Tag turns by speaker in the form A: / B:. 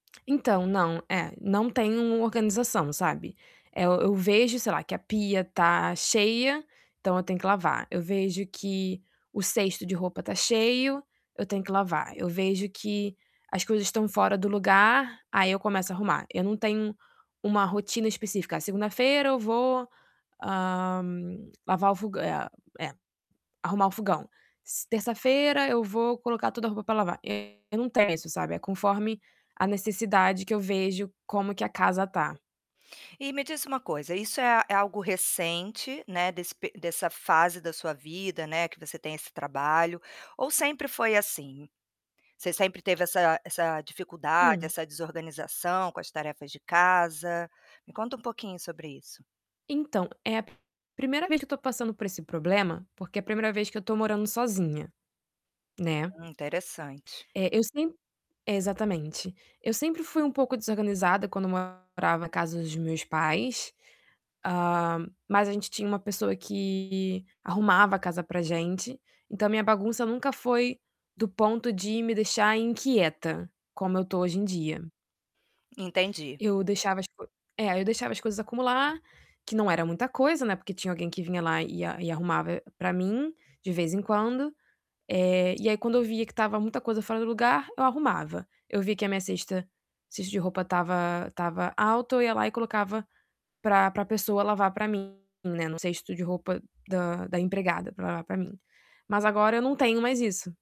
A: Então, não, eh, não tem um organização, sabe? Eh, eu vejo, sei lá, que a pia tá cheia, então eu tenho que lavar. Eu vejo que o cesto de roupa tá cheio, eu tenho que lavar. Eu vejo que as coisas tão fora do lugar, aí eu começo a arrumar. Eu não tenho uma rotina específica. Segunda-feira eu vou, hã, lavar o fog é é arrumar o fogão. Terça-feira eu vou colocar toda a roupa pra lavar. Eu não tenho isso, sabe? É conforme a necessidade que eu vejo como que a casa tá.
B: E me diz uma coisa, isso é é algo recente, né, desse pe dessa fase da sua vida, né, que você tem esse trabalho ou sempre foi assim? Você sempre teve essa essa dificuldade,
A: Hum.
B: essa desorganização com as tarefas de casa? Me conta um pouquinho sobre isso.
A: Então, é a 1ª vez que eu tô passando por esse problema, porque é a 1ª vez que eu tô morando sozinha, né?
B: Hum, interessante.
A: É, eu sem exatamente. Eu sempre fui um pouco desorganizada quando morava na casa dos meus pais, hã, mas a gente tinha uma pessoa que arrumava a casa pra gente, então minha bagunça nunca foi do ponto de me deixar inquieta, como eu tô hoje em dia.
B: Entendi.
A: Eu deixava as co é, eu deixava as coisas acumular, que não era muita coisa, né, porque tinha alguém que vinha lá e a e arrumava pra mim de vez em quando. Eh, e aí quando eu via que estava muita coisa fora do lugar, eu arrumava. Eu via que a minha cesta cesto de roupa estava estava alto, eu ia lá e colocava pra pra pessoa lavar pra mim, né, no cesto de roupa da da empregada pra lavar pra mim. Mas agora eu não tenho mais isso.